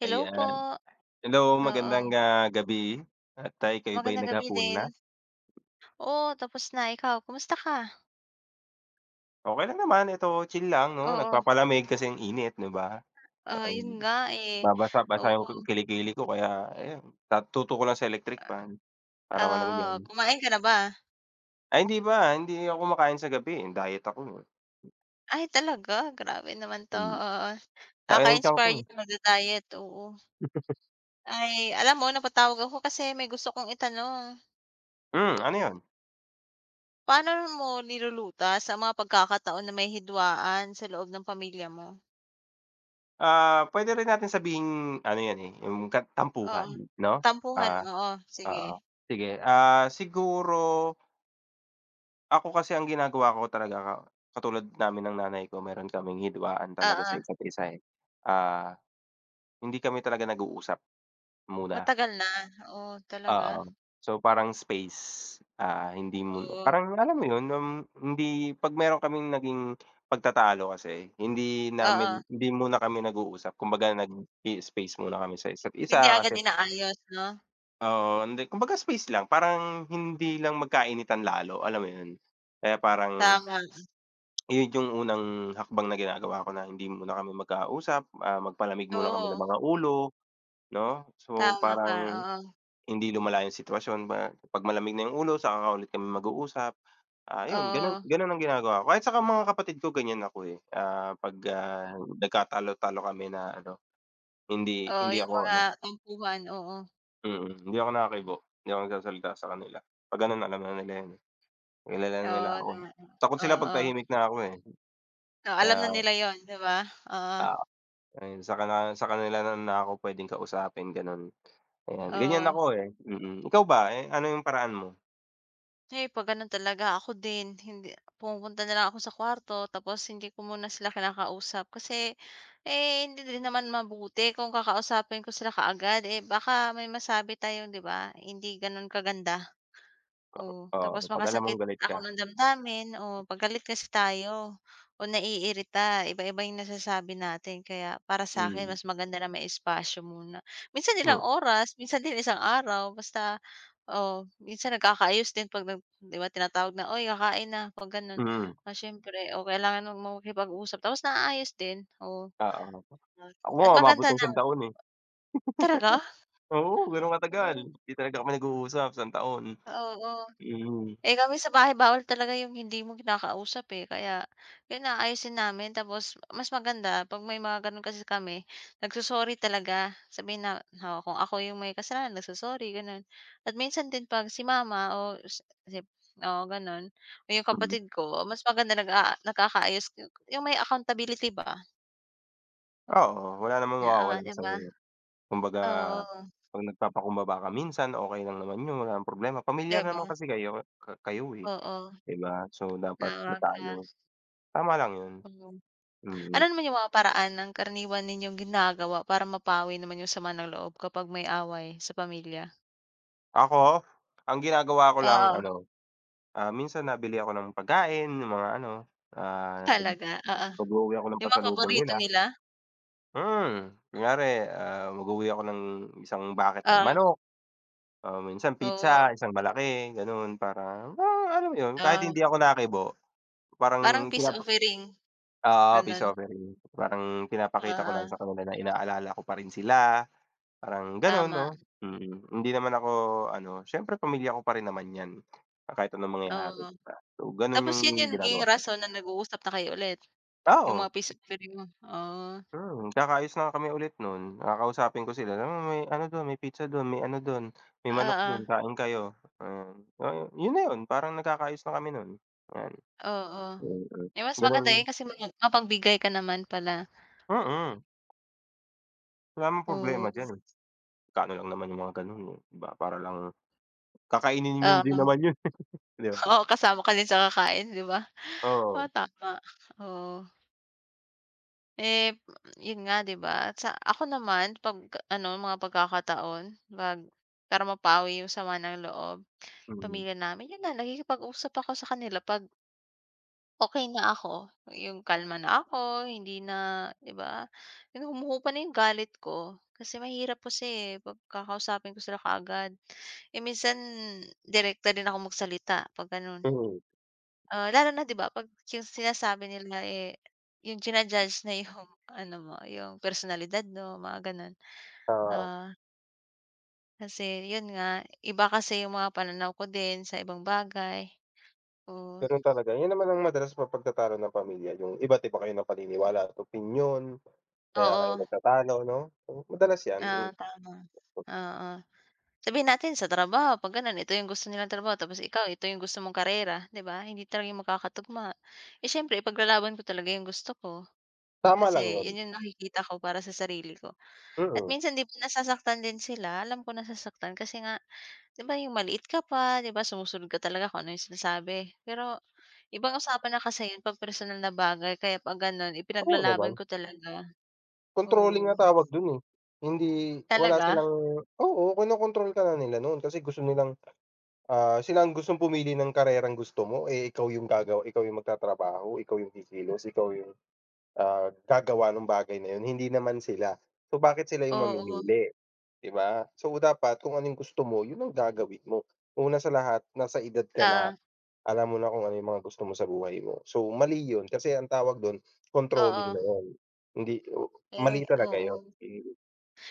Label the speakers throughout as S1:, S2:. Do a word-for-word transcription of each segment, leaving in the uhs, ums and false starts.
S1: Hello po.
S2: Ayan. Hello magandang,
S1: Oo.
S2: ah, gabi at, ah, ika'y ba'y
S1: Magandang gabi
S2: naghapunan
S1: din.
S2: na?
S1: Oo tapos na. Ikaw kumusta ka?
S2: Okey lang naman, eto chill lang 'no
S1: Oo.
S2: nagpapalamig kasi ang init, 'di ba?
S1: Ah, 'yon
S2: [unintelligible]
S1: nga, eh,
S2: Mabasa-basa
S1: oo.
S2: 'yong kili-kili ko kaya ayan, at tutok ko lang sa electric fan para
S1: Ah oo,
S2: malamigan.
S1: kumain ka na ba?
S2: Ay, hindi pa. Hindi ako kumakain sa gabi, eh, diet ako.
S1: Ay, talaga? Grabe naman 'to, oo.
S2: Laki ng tiyan ko, eh.
S1: Kaka-inspired magda-diet, oo. Ay, alam mo napatawag ako kasi may gusto 'kong itanong.
S2: Hmm, ano 'yon?
S1: Paano mo nilulutas ang mga pagkakataon na may hidwaan sa loob ng pamilya mo?
S2: Ah, pwede rin nating sabihing, ano 'yan eh, 'yong kat
S1: Oo.
S2: tampuhan, 'no?
S1: Tampuhan
S2: Ah
S1: oo, sige.
S2: oo, sige, ah, siguro Ako kasi ang ginagawa ko talaga, katulad namin ng nanay ko meron kaming hidwaan talaga sa
S1: Oo.
S2: isa't-isa, eh, ah, hindi kami talaga nag-uusap, muna.
S1: Matagal na? Oh, talaga?
S2: Oo, so parang space, ah, hindi mun
S1: Oo.
S2: parang alam mo 'yon, um, hindi 'pag meron kaming naging pagtatalo kasi, hindi
S1: Oo.
S2: namin hindi muna kami nag-uusap kumbaga nag-ii-space muna kami sa
S1: Hindi
S2: isa't-isa
S1: agad
S2: kasi
S1: inaayos, 'no?
S2: Oo. Hindi, kumbaga space lang, parang, hindi lang magkainitan lalo, alam mo 'yon, kaya parang
S1: Tama.
S2: ayun yung unang, hakbang na ginagawa ko na, hindi muna kami magkausap, ah, magpalamig muna kami ng
S1: Oo.
S2: mga ulo, 'no? So,
S1: Tama ka,
S2: parang,
S1: oo.
S2: hindi lumala yung sitwasyon, ma kapag malamig na yung ulo, saka lang ulit kami mag-uusap. Ah, 'yon, gano'n
S1: Oo.
S2: gano'n ang ginagawa ko, kahit saka mga kapatid ko, ganyan ako, eh, ah, 'pag, ah, nagkatalo-talo kami na ano, hindi
S1: Oo,
S2: hindi
S1: yung
S2: ako
S1: mga
S2: ano.
S1: tampuhan, oo.
S2: Mm, hindi ako nakibo, hindi ako nagsasalita sa kanila, 'pag ano na, alam na nila 'yon, eh, kilala na nila
S1: Oo
S2: ako.
S1: naman,
S2: Takot sila 'pag
S1: oo.
S2: tahimik na ako, eh.
S1: Oh,
S2: Kaya
S1: alam na nila 'yon, 'di ba, oo.
S2: Oo. Ayun, saka na saka nila na na ako, puwedeng kausapin, gano'n. Ayan, ganyan
S1: Oo.
S2: ako, eh, mm, ikaw ba, eh, ano yung paraan mo?
S1: Eh, 'pag gano'n talaga, ako din, hindi pumupunta na lang ako sa kuwarto, tapos hindi ko muna sila kinakausap, kasi, eh, hindi din naman mabuti kung kakausapin ko sila kaagad, eh, baka may masabi tayo, 'di ba, hindi gano'n kaganda. Oh, tapos
S2: Oo, 'pag alam mong
S1: makasakit
S2: galit
S1: ako
S2: ka.
S1: ng damdamin, oo, 'pag galit kasi tayo, o naiirita, iba-iba yung nasasabi natin, kaya para sa'kin
S2: Mm.
S1: mas maganda na may espasyo muna. Minsan
S2: Hmm.
S1: ilang oras, minsan din isang araw, basta o, minsan nagkakaayos din 'pag nag 'di ba, tinatawag na, "Oy, kakain na", 'pag gano'n,
S2: Mm.
S1: ah, siyempre, o kailangan mong makipag-usap, tapos naayos din, oo,
S2: Oo,
S1: at
S2: ako
S1: at
S2: nga umabot
S1: maganda
S2: ng isang
S1: ng
S2: taon, eh.
S1: Taraga?
S2: Oo, gano'n katagal,
S1: Oh.
S2: 'di talaga kami nag-uusap, isang taon,
S1: Oo.
S2: mm.
S1: Eh, kami sa bahay, bawal talaga yung hindi mo kinakausap, eh, kaya 'yon, aayusin namin, tapos mas maganda 'pag may mga gano'n, kasi kami, nag-so-sorry talaga. Sabihin na, oh, kung ako yung may kasalanan, nag-so-sorry, gano'n, at minsan din 'pag si mama, o si p oo, gano'n, o yung
S2: Hmm.
S1: kapatid ko, oh, mas maganda nag-a nagkakaayos yung yung may accountability ba.
S2: Oo wala namang
S1: Oo,
S2: mawawala
S1: 'di
S2: sayo,
S1: ba?
S2: eh. Kumbaga
S1: Oo.
S2: 'pag nagpapakumbaba ka minsan, okey lang naman yun walang problema. Pamilya
S1: 'Di
S2: naman
S1: ba?
S2: kasi kayo ka kayo, eh,
S1: Oo.
S2: 'di ba? So dapat
S1: Naawa
S2: may
S1: ka.
S2: tayo. Tama lang yun.
S1: Mhm. Ano
S2: Mm.
S1: naman yung mga paraan ng karaniwan ninyong ginagawa para mapawi naman yung sama ng loob, kapag may away sa pamilya?
S2: Ako ang ginagawa ko lang
S1: Oo.
S2: ano, ah, minsan nabili ako ng pagkain yung mga ano, ah,
S1: Talaga? Oo.
S2: nag-uuwi ako ng
S1: Yung mga
S2: pasalubong
S1: paborito
S2: nila.
S1: nila?
S2: Hmm, kunwari, ah, mag-uwi ako ng isang bucket ng
S1: Oh.
S2: manok, o minsan pizza,
S1: Oo.
S2: isang malaki ganun para para alam mo yun, kahit
S1: Oh.
S2: hindi ako nakibo parang
S1: Parang peace
S2: pinapa
S1: offering,
S2: oo peace
S1: gano'n.
S2: offering. Parang pinapakita ko lang
S1: Oo.
S2: sa kanila na inaalala ko pa rin sila, parang ganun 'no?
S1: Tama.
S2: Mm, hindi naman ako ano siyempre pamilya ko pa rin naman 'yan, kahit anong mangyayari, 'di
S1: Oo.
S2: ba? So, ganun
S1: Tapos
S2: yung
S1: yun yung naging
S2: ginagawa ko.
S1: rason na nag-uusap na kayo ulit? Yung
S2: Oo.
S1: mga peace offering mo? Ah.
S2: Mm, kakaayos na nga kami ulit nun, kakausapin ko sila, "Uy, ano dun, may pizza dun, may ano dun, may manok dun
S1: Oo.
S2: kain kayo." Ah, oh, yun na 'yon parang nagkakaayos na kami nun, yan.
S1: Oo.
S2: Mm,
S1: Eh, mas maganda 'yon,
S2: ganun.
S1: kasi mai mapagbigay ka naman pala.
S2: Mm. Wala namang problema
S1: Oo.
S2: diyan. Magkano lang naman 'yung mga ganun 'di ba, para lang kakainin nyo din
S1: Oo.
S2: naman 'yun. 'Di ba?
S1: Oo, kasama ka din sa kakain 'di ba? Oo,
S2: Oo.
S1: tama, oo. Eh, 'yun nga 'di ba, sa ako naman 'pag ano mga pagkakataon pag para mapawi 'yung sama ng loob,
S2: Mhm.
S1: pamilya namin 'yun na nakikipag-usap ako sa kanila 'pag okey na ako, 'yong kalma na ako, hindi na 'di ba, yung humuhupa na 'yung galit ko. Kasi mahirap kasi 'pag kakausapin ko sila kaagad. Eh, minsan direkta din ako magsalita 'pag ganon.
S2: Mhm.
S1: Ah, lalo na 'di ba 'pag 'yung sinasabi nila, eh, 'yung jina-judge na 'yung ano mo, 'yung personalidad mo, mga ganon.
S2: Oo.
S1: Ah Kasi 'yun nga, iba kasi 'yung mga pananaw ko din sa ibang bagay. So
S2: Ganun talaga, 'yun naman ang madalas mapagtatalo ng pamilya, 'yung iba't iba kayo na paniniwala at opinyon, kaya kayo
S1: Oo.
S2: nagtatalo, 'no, madalas 'yan, m
S1: Ah, tama, oo. Sabihin natin sa trabaho 'pag gano'n ito 'yong gusto nilang trabaho, tapos ikaw ito 'yong gusto mong karera, 'di ba, hindi talaga yun magkakatugma. Eh, siyempre ipaglalaban ko talaga 'yong gusto ko,
S2: Tama lang
S1: kasi
S2: 'yun.
S1: 'yon 'yong nakikita ko para sa sarili ko. At
S2: Mm.
S1: minsan 'di ba nasasaktan din sila, alam ko nasasaktan kasi nga, 'di ba, 'yong maliit ka pa, 'di ba sumusunod ka talaga kung ano 'yong sinasabi. Pero, ibang usapan na kasi yun 'pag personal na bagay, kaya 'pag gano'n
S2: Oo
S1: ipinaglalaban
S2: naman.
S1: ko talaga,
S2: Controlling nga
S1: oo.
S2: tawag do'n, eh. Hindi wala
S1: Talaga?
S2: silang oo, kino-control ka na nila noon kasi gusto nilang, ah, sila ang gustong pumili ng karerang gusto mo, eh, ikaw 'yung gagawa, ikaw 'yung magtatrabaho, ikaw 'yung kikilos, ikaw 'yung, ah, gagawa nung bagay na 'yun, hindi naman sila. So bakit sila 'yung
S1: Oo.
S2: mamimili, 'di ba? So dapat kung ano 'yung gusto mo, 'yun ang gagawin mo. Una sa lahat nasa edad ka na,
S1: Ah.
S2: alam mo na kung ano 'yung mga gusto mo sa buhay mo. So mali 'yun, kasi ang tawag do'n, controlling na
S1: Oo.
S2: 'yun, hindi mali
S1: Eh
S2: talaga 'yun,
S1: oo.
S2: mm.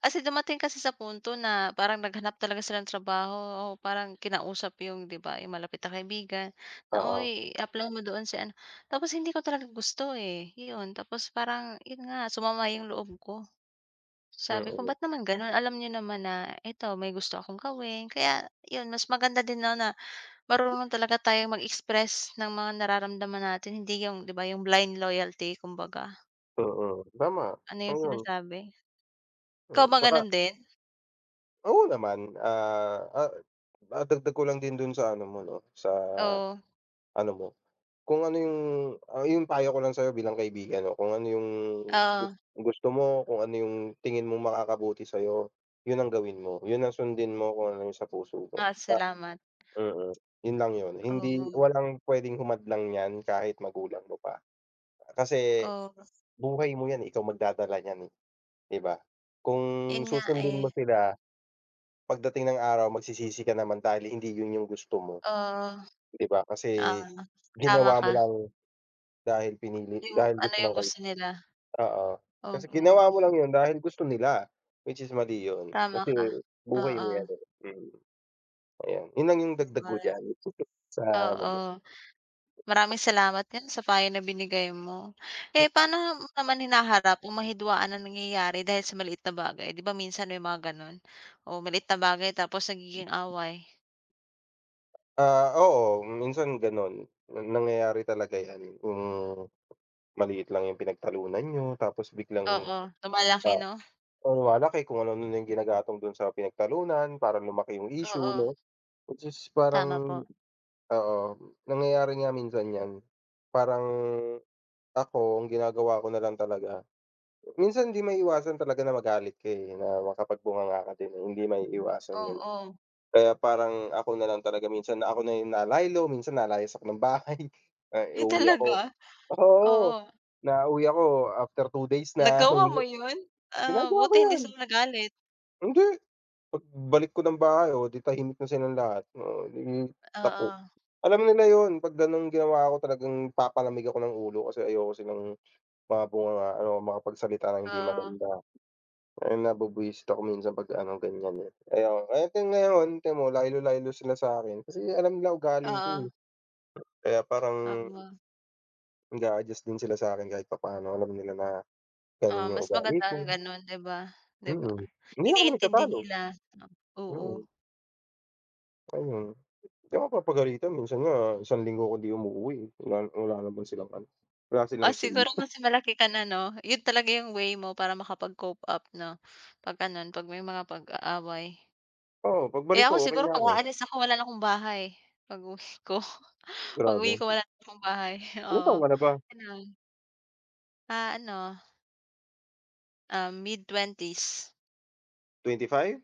S1: Kasi dumating kasi sa punto na parang naghanap talaga sila ng trabaho o parang kinausap 'yung 'di ba 'yung malapit na kaibigan na,
S2: Oo.
S1: "Oy, apply mo doon si ano," tapos hindi ko talaga gusto, eh. Iyon, tapos parang 'yun nga, sumama 'yung loob ko. Sabi ko,
S2: Mm.
S1: "Ba't naman ganon, alam niyo naman na ito, may gusto akong gawin." Kaya 'yun, mas maganda din na na marunong talaga tayong mag-express ng mga nararamdaman natin, hindi 'yung 'di ba 'yung blind loyalty kumbaga
S2: Oo, tama,
S1: Ano 'yung
S2: ayun.
S1: sinasabi.
S2: Mm,
S1: Ikaw ba
S2: tsaka
S1: ganun din?
S2: Oo naman, ah, ah madagdag ko lang din dun sa ano mo 'no, sa
S1: Oo.
S2: ano mo. Kung ano yung ah, yung payo ko lang sayo bilang kaibigan 'no, kung ano yung gus
S1: Oo.
S2: gusto mo, kung ano yung tingin mong makakabuti sayo, yun ang gawin mo, yun ang sundin mo kung ano yung sa puso mo.
S1: Oh,
S2: Pa
S1: salamat.
S2: mm. Yun lang yun, hindi
S1: Oo.
S2: walang pwedeng humadlang nyan kahit magulang mo pa. Kasi,
S1: Oh.
S2: buhay mo 'yan, ikaw magdadala nyan eh, 'di ba? Kung
S1: 'Yon nga
S2: susundin mo
S1: eh.
S2: sila, pagdating ng araw magsisisi ka naman dahil hindi yun yung gusto mo.
S1: Oh.
S2: 'Di ba kasi,
S1: [unintelligible] Tama
S2: ginawa mo
S1: ka.
S2: lang dahil pinili
S1: Yung,
S2: dahil
S1: ano
S2: gusto ng
S1: yung gusto nila.
S2: [unintelligible] oo. Kasi
S1: Oo.
S2: ginawa mo lang yun dahil gusto nila, which is mali yun.
S1: Tama
S2: Kasi
S1: ka.
S2: buhay mo 'yan
S1: Oo.
S2: eh, hmm. Ayun, yun lang yung
S1: 'Di
S2: dagdag
S1: ba?
S2: ko diyan, sa ano mo.
S1: Oo. Maraming salamat din sa payo na binigay mo. Eh, pa'no mo naman hinaharap kung may hidwaan na nangyayari dahil sa maliit na bagay? 'Di ba minsan may mga gano'n? Oh, maliit na bagay tapos nagiging away.
S2: Ah, oo minsan ganon, na nangyayari talaga yan kung maliit lang yung pinagtalunan niyo tapos biglang,
S1: Oo, lumalaki,
S2: ah,
S1: 'no.
S2: lumalaki kung ano-ano yung ginagatong dun sa pinagtalunan para lumaki yung issue,
S1: Oo.
S2: no. Which is
S1: Tama
S2: parang
S1: po.
S2: oo, nangyayari nga minsan yan. Parang, ako ang ginagawa ko nalang talaga, minsan hindi maiiwasan talaga na magalit ka, eh, na makapag bunganga ka din, hindi maiiwasan yun.
S1: Oo.
S2: Kaya parang ako nalang talaga minsan na ako na yung na lay low, minsan nalayas ng bahay. Ay,
S1: Ay
S2: uuwi ako
S1: talaga?
S2: oo,
S1: Oo.
S2: nauwi ako after two days na
S1: Nagawa mo
S2: [unintelligible]
S1: yun? Ah,
S2: Ginagawa ko
S1: buti hindi
S2: yan.
S1: sila nagalit.
S2: Hindi. 'Pag balik ko ng bahay, oh, 'di tahimik na silang lahat, oh, eh, 'di tapo
S1: Oo.
S2: Alam nila yun, kapag ganong ginawa ko talagang papalamig ako ng ulo kasi ayoko silang mabungangaan o makapagsalita ng hindi
S1: Oo.
S2: maganda. Dahil nabubwisit ako minsan pag ano, ganyan, eh. Ayon, kaya hanggang ngayon ti'mo lay low lay low sila sakin, kasi alam nila ugali ko, eh.
S1: Oo
S2: Kaya parang
S1: Oo.
S2: Nag-aadjust din sila sa'kin kahit papaano, alam nila na
S1: Oo,
S2: ganun yung
S1: mas maganda
S2: ugali ko.
S1: nga ganon 'di ba? 'Di ba,
S2: Mm, hindi na kami
S1: iniintindi
S2: nagtatalo.
S1: nila, oo.
S2: Mm. Ayun. 'Di ako papagalitan, minsan nga isang linggo kong 'di umuuwi wala wala naman silang ano, wala silang
S1: Ah,
S2: say.
S1: siguro kasi malaki ka na 'no? Yun talaga yung way mo para makapag-cope up 'no, 'pag gano'n, 'pag may mga pag-aaway.
S2: Oo, pagbalik
S1: Eh,
S2: ko
S1: ako
S2: okey
S1: siguro
S2: na
S1: 'pag
S2: ako.
S1: aalis ako wala na 'kong bahay pag-uwi ko pag-uwi
S2: Grabe.
S1: ko wala na 'kong bahay,
S2: Ilang taon
S1: oo.
S2: ka na ba?
S1: Ganun. Ah, ano. Ah, mid-twenties.
S2: twenty five?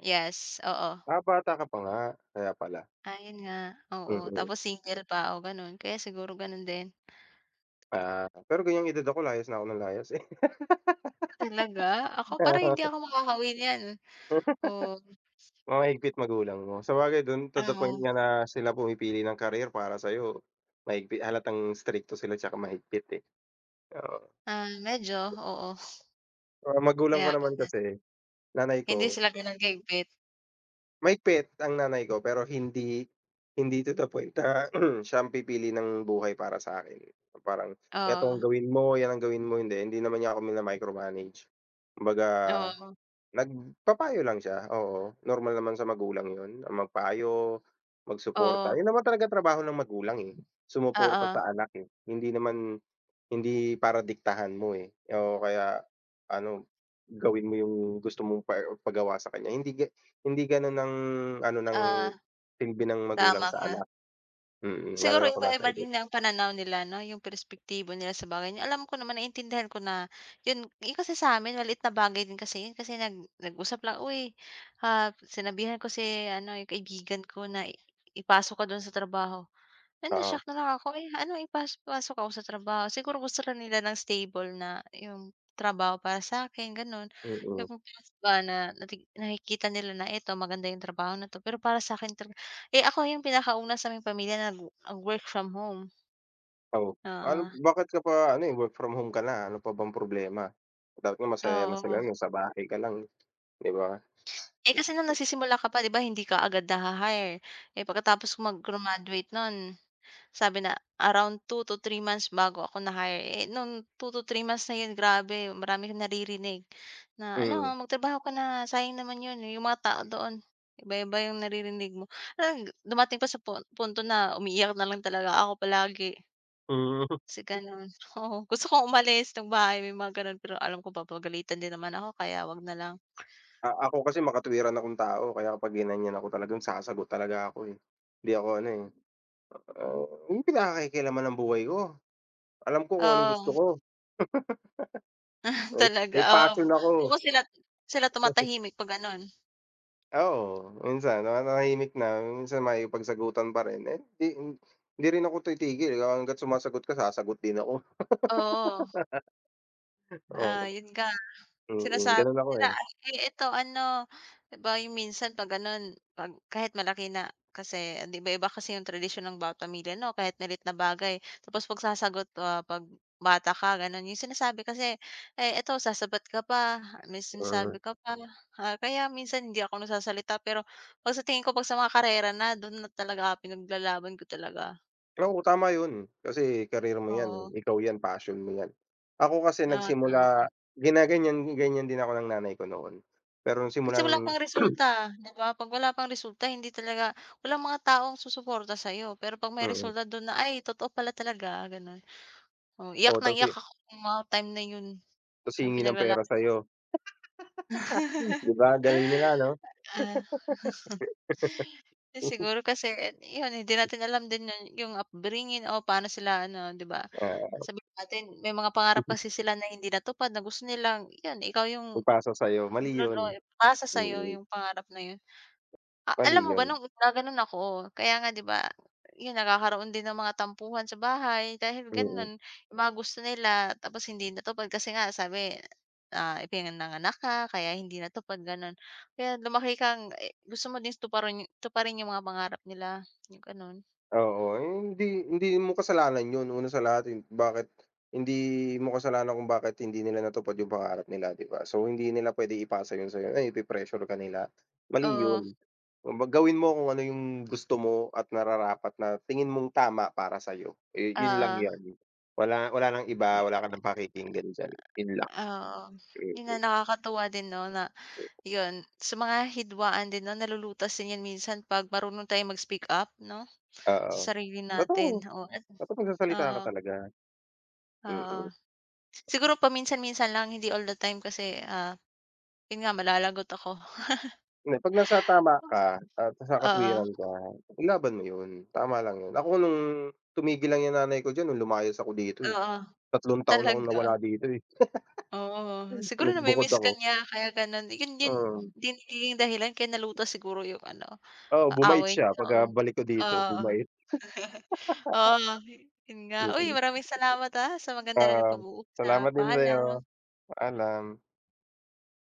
S1: Yes, oo.
S2: Ah, bata ka pa nga, kaya pala.
S1: Ayun nga, oo,
S2: Mm.
S1: tapos single pa o gano'n kaya siguro ganun din.
S2: Ah, pero ganyang edad ako layas na ako nang layas eh.
S1: Talaga? Ako parang hindi ako makaka-uwi n'yan.
S2: [unintelligible]
S1: Oh.
S2: Mahigpit magulang mo. Sabagay dun to
S1: Ah,
S2: the point
S1: oh.
S2: nga na sila pumipili ng career para sayo mahigpi halatang strikto sila tsaka mahigpit, eh. Oo.
S1: Ah, medyo oo.
S2: Ang magulang ko
S1: Kaya ka
S2: naman
S1: na
S2: kasi, nanay
S1: Hindi
S2: ko
S1: sila gano'n ka-higpit.
S2: Mahigpit ang nanay ko pero hindi, hindi to the point, ah, na siya pipili ng buhay para sa'kin, pa parang eto ang
S1: Oh.
S2: gawin mo, 'yan ang gawin mo hindi, hindi naman niya ako micromanage kumbaga,
S1: Oo.
S2: nagpapayo lang siya oo normal naman sa magulang 'yon, ang magpayo, mag suporta, 'yon
S1: Oo.
S2: naman talaga trabaho ng magulang, eh, sumuporta
S1: Oo.
S2: sa anak, eh, hindi naman hindi para diktahan mo, eh, oo kaya ano gawin mo 'yong gusto mong pa er pagawa sa kanya hindi ga hindi gano'n ang ano ng
S1: Ah,
S2: silbi ng magulang
S1: tama
S2: sa
S1: ka.
S2: anak, mm, lalo
S1: Siguro
S2: na kung nasa
S1: iba-iba
S2: edad.
S1: din ang pananaw nila no? 'Yong perspektibo nila sa bagay na alam ko naman naiintindihan ko na eh, 'yon kasi sa'min maliit na bagay din kasi 'yon kasi nag nag-usap lang "Uy ah, sinabihan ko si ano 'yong kaibigan ko na i i pasok ka do'n sa trabaho". Ay
S2: Oo.
S1: na-shock na lang ako "Ano ipaso ipasok ako sa trabaho?" Siguro gusto lang nila ng stable na 'yong trabaho para sa 'kin gano'n
S2: Mm.
S1: 'yong ba na na nakikita nila na eto maganda 'yong trabaho nito pero para sa'kin talaga, eh, ako 'yong pinakauna sa may pamilya na nag wo nag work from home.
S2: Oh, an
S1: Oo.
S2: bakit ka pa ano, eh, work from home ka na. Ano pa bang problema? Dapat nga masaya na sila
S1: Oo.
S2: no'n sa bahay ka lang 'di ba?
S1: Eh, kasi no'ng nagsisimula ka pa 'di ba hindi ka agad na hi-hire, eh, pagkatapos ko mag-grumaduate no'n sabi na around two to three months bago ako na-hire, eh, no'ng two to three months na 'yon grabe marami akong naririnig na ano
S2: Hmm.
S1: magtrabaho ka na sayang naman 'yon 'yong mga tao doon iba-iba yung naririnig mo. Ang dumating pa sa punto na umiiyak na lang talaga ako palagi.
S2: Hmm.
S1: Si gano'n. Oo gusto kong umalis ng bahay, may mga gano'n pero alam ko papagalitan din naman ako kaya, wag nalang.
S2: Ah, ako kasi makatwiran akong tao kaya kapag ginan'yan ako talagang sasagot talaga ako, eh. Hindi ako ano, eh, a wag nyong pinakekealaman 'yong buhay ko, alam ko kung anong gusto
S1: Oh.
S2: ko!
S1: Ah,
S2: Oh,
S1: talaga
S2: may passion
S1: oo
S2: ako!
S1: [unintelligible] sila, sila tumatahimik pag gano'n.
S2: Oo, minsan nanahimik na, minsan makikipagsagutan pa rin, eh, 'di, hindi rin ako titigil hangga't sumasagot ka, sasagot din ako.
S1: Oo. Ah,
S2: Oo.
S1: 'yon nga
S2: Mm,
S1: sinasabi
S2: ganun ako,
S1: nila,
S2: eh.
S1: ay eto ano, ba yung minsan 'pag gano'n 'pag kahit malaki na kasi 'di ba iba kasi yung tradisyon ng bawat pamilya 'no kahit maliit na bagay. Tapos pagsasagot, ah, 'pag bata ka gano'n 'yong sinasabi kasi, "Ay eto sasabat ka pa, may sinasabi
S2: Mm.
S1: ka pa." Ah, kaya minsan hindi ako nagsasalita pero 'pag sa tingin ko 'pag sa mga karera na do'n na talaga pinaglalaban ko talaga.
S2: Oo, tama 'yon, kasi career mo 'yan,
S1: Oo.
S2: ikaw 'yan, passion mo 'yan. Ako kasi
S1: Oo, tama
S2: nagsimula
S1: ka.
S2: ginaganyan-ganyan din ako ng nanay ko noon, pero
S1: Kasi
S2: simula
S1: wala
S2: noong
S1: pang resulta 'di ba, 'pag wala pang resulta hindi talaga walang mga taong susuporta sayo, pero 'pag may
S2: Mm.
S1: resulta do'n na, "Ay totoo pala talaga," gano'n, oo. Iyak
S2: Oh,
S1: nang
S2: tas hi
S1: iyak ako no'ng mga time na 'yon
S2: 'Tas
S1: yung
S2: hihingi ng
S1: pinaglala
S2: pera
S1: [unintelligible]
S2: sayo. 'Di ba, galing nila 'no?
S1: Ah, Eh, siguro kasi 'yon, hindi natin alam din 'yon yung upbringing o pa'no sila ano, 'di ba.
S2: Oo.
S1: Sabihin natin may mga pangarap kasi sila na hindi natupad na gusto nilang, 'yan ikaw yung
S2: Ipasa sayo mali 'yon.
S1: [unintelligible] ipasa sayo
S2: Mm.
S1: yung pangarap na 'yon. Ah,
S2: Mali
S1: alam mo
S2: 'yon.
S1: ba no'ng una gan'on ako, kaya nga 'di ba, 'yon, nagkakaroon din ng mga tampuhan sa bahay dahil
S2: Mm.
S1: gano'n, yung mga gusto nila tapos hindi natupad kasi nga sabi, ah, ipinanganak ka kaya hindi natupad gano'n. Kaya lumaki kang e gusto mo din tuparan tuparin yung mga pangarap nila, yung ganon.
S2: Oo, hindi hindi mo kasalanan 'yon, una sa lahat bakit hindi mo kasalanan kung bakit hindi nila natupad yung pangarap nila, 'di ba. So, hindi nila pwede ipasa 'yon sayo, ano 'yon ipe-pressure ka nila? Mali
S1: Oo.
S2: 'yon. Gawin mo kung ano yung gusto mo at nararapat na tingin mong tama para sayo, eh, yun lang
S1: Oo.
S2: 'yon. Wala wala ng iba, wala ka ng pakikinggan d'yan, yun lang.
S1: Oo, 'yon nga
S2: Mm.
S1: nakakatuwa din 'no, na, 'yon sa mga hidwaan din 'no, nalulutas din 'yan minsan 'pag marunong tayong mag-speak up 'no,
S2: Oo,
S1: sa sarili
S2: totoo.
S1: natin. Oo,
S2: Dapat magsasalita ka
S1: Oo.
S2: talaga.
S1: Oo.
S2: Mm.
S1: Siguro paminsan-minsan lang, hindi all the time kasi, ah, 'yon nga malalagot ako.
S2: Hindi'Pag nasa tama ka at nasa
S1: Oo.
S2: katwiran ka, ilaban mo yun, tama lang yun. Ako no'ng tumigil lang yung nanay ko d'yan nung lumays ako dito eh,
S1: Oo,
S2: tatlong taon akong
S1: talaga.
S2: nawala dito eh.
S1: Oo, siguro
S2: Nag-bukod
S1: nami-miss ka
S2: ako.
S1: niya kaya gano'n. 'Yon din
S2: Mm.
S1: din nagiging dahilan kaya nalutas siguro 'yong ano,
S2: Oo,
S1: ah,
S2: bumait
S1: away
S2: siya 'pag ka
S1: nyo.
S2: balik ko dito,
S1: Oo.
S2: bumait.
S1: Oo, 'yon nga. Uy
S2: Mm.
S1: maraming salamat ah, sa maganda nating
S2: Ah, salamat
S1: pag-uusap,
S2: din
S1: paalam.
S2: sayo, paalam.